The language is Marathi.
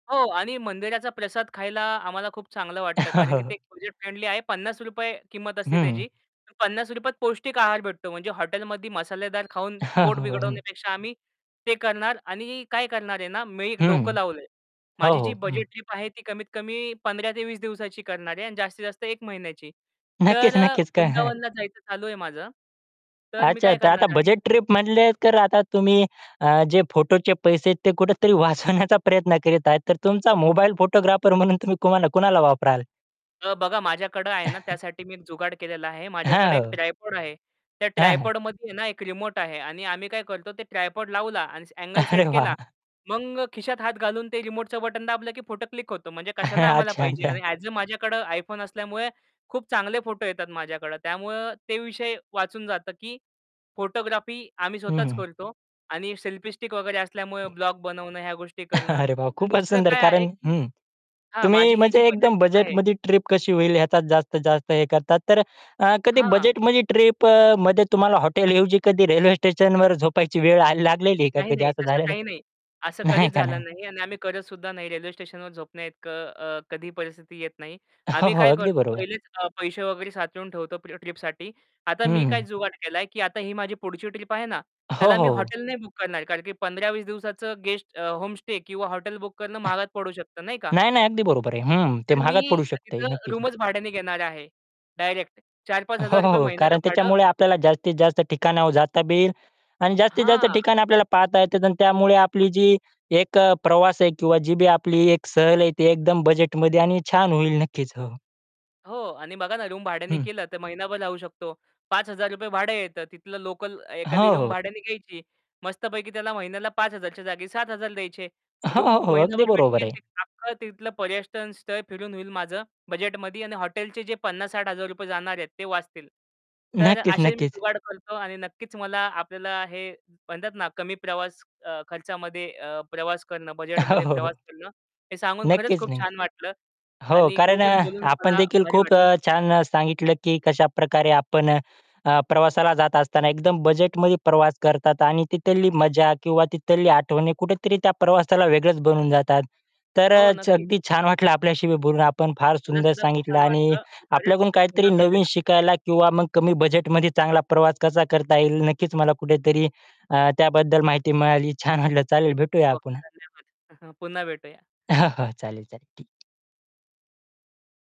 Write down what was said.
हो. आणि मंदिराचा प्रसाद खायला आम्हाला खूप चांगलं वाटतं, कारण की ते बजेट फ्रेंडली आहे. 50 किंमत असते हं. त्याची. 50त पौष्टिक आहार भेटतो म्हणजे हॉटेलम मसालेदार खाऊन पोट हं. बिघडवण्यापेक्षा आम्ही ते करणार. आणि काय करणार आहे ना मी एक डोकं हं. लावलंय हो, माझी हो. जी हं. बजेट ट्रिप आहे, ती कमीत कमी 15 ते 20 दिवसाची करणार आहे आणि जास्तीत जास्त 1 महिन्याची तर नक्कीच, नक्कीच काय आहे. वृंदावनला जायचं चालू आहे माझं. तर मी अच्छा, काय तर आता करणार आहे? बजेट ट्रिप म्हणले तर आता तुम्ही अ, जे फोटोचे पैसे आहेत ते कुठेतरी वाचवण्याचा प्रयत्न करीत आहेत तर तुमचा मोबाईल फोटोग्राफर म्हणून तुम्ही कोणाला कुणाला वापराल? अ, बघा माझ्याकडे आहे ना त्यासाठी मी एक जुगाड केलेला आहे. माझ्याकडे एक हां. ट्रायपॉड आहे. त्या हां, हां. ट्रायपॉडमध्ये आहे ना, एक रिमोट आहे आणि आम्ही काय करतो ते ट्रायपॉड लावला आणि आंगले अरे सेट वाह! केला. मग खिशात हात घालून ते रिमोटचं बटन दाबलं की फोटो क्लिक होतो म्हणजे कशाला आम्हाला अच्छा, पाहिजे अच्छा. आणि ॲझ अ माझ्याकडे iPhone असल्यामुळे खूप चांगले फोटो येतात माझ्याकडं. त्यामुळं ते विषय वाचून जातं की फोटोग्राफी आम्ही हं, स्वतःच हं. करतो. आणि सेल्फी स्टिक वगैरे असल्यामुळे ब्लॉग बनवणं ह्या गोष्टी करणं. अरे, वाह, आणि खूपच दुसरं सुंदर. काय आहे, कारण की हं. हां, तुम्ही माझी ही जी म्हणजे बजेट एकदम ट्रिप आहे. बजेटमध्ये ट्रिप कशी होईल याचा जास्तीत जास्त हे करतात, तर अ, कधी हां. बजेटमध्ये ट्रिप अ, मध्ये तुम्हाला हॉटेलऐवजी कधी रेल्वे स्टेशनवर झोपायची वेळ आल लागलेली आहे का? नाही, कधी नाही. असं तसं झालेलं आहे? काही नाही असं नाही कधीच का नाही? झालं नाही आणि आम्ही करतसुद्धा नाही रेल्वे स्टेशनवर झोपण्याइतकं अ, कधीही परिस्थिती येत नाही. हो, आम्ही हो. काय अगदी करतो बरोबर. पहिलेच अ, पैसे वगैरे साचळून ठेवतो, ट्रिपसाठी. आता मी काय हं. जुगाट केलाय, की आता ही माझी पुढची ट्रिप आहे ना हो, त्याला मी हो. हॉटेल नाही बुक करणार. कारण की 15-20 दिवसाचं गेस्ट अ, होमस्टे किंवा हॉटेल बुक करणं महागात पडू शकत नाही का? नाही, नाही, अगदी बरोबर आहे. हं, ते तर महागात मी पडू अ, शकतंय तिथं नक्कीच. रूमच भाड्याने घेणार आहे. डायरेक्ट चार पाच हो, हजार हो, रुपये हो. महिन्याला कारण भाडं. त्याच्यामुळे आपल्याला जास्तीत जास्त ठिकाणं जाता येईल आणि जास्तीत जास्त हां. ठिकाणं आपल्याला पाहता येतात आणि त्यामुळे आपली जी एक प्रवास आहे किंवा जी बी आपली एक सहल आहे, ती एकदम बजेटमध्ये आणि छान होईल नक्कीच. हो. हो. आणि बघा ना रूम भाड्याने हं. केलं, तर महिनाभर राहू शकतो. 5000 भाडं येतं तिथलं लोकल एखादी हो, रूम हो. भाड्याने घ्यायची. मस्तपैकी त्याला महिन्याला 5000च्या जागी 7000 द्यायचे. हो, रूम हो, हो, अगदी महिनाभर बरोबर भेटतील आहे. आणि अख्खं तिथलं पर्यटन स्थळ फिरून होईल माझं बजेटमध्ये. आणि हॉटेलचे जे 50000-60000 जाणार आहेत ते वाचतील. तर नक्कीच, असे मी नक्कीच. जुगाड करतो आणि नक्कीच मला आपल्याला हे म्हणतात ना, कमी प्रवास खर्चामध्ये अ, प्रवास करणं हो, बजेटमध्ये हो, हो. प्रवास करणं, हे सांगून खरंच नक्कीच खूप नाही. छान वाटलं हो, आणि कारण खूपच अ, बोलून मला आपणदेखील भारी खूप वाटलं. अ, छान सांगितलं की कशाप्रकारे आपण अ, प्रवासाला जात असताना एकदम बजेटमध्ये प्रवास करतात. आणि तिथली मजा किंवा तिथल्या आठवणी कुठेतरी त्या प्रवासाला वेगळंच बनवून जातात. तर हो, अ, नक्कीच. अगदी छान वाटलं आपल्याशी बोलून. आपण फार मला सुंदर सुद्धा खूप सांगितलं छान आणि वाटलं आणि खरंच आपल्याकडून काहीतरी पुन्हा नवीन भेटूया. शिकायला किंवा मग कमी बजेटमध्ये चांगला प्रवास कसा करता येईल, नक्कीच मला कुठेतरी अ, त्याबद्दल माहिती मिळाली. छान वाटलं. चालेल, भेटूया हो, पुन्हा. धन्यवाद. पुन्हा भेटूया. हां, हां. चालेल, चालेल ठीक आहे.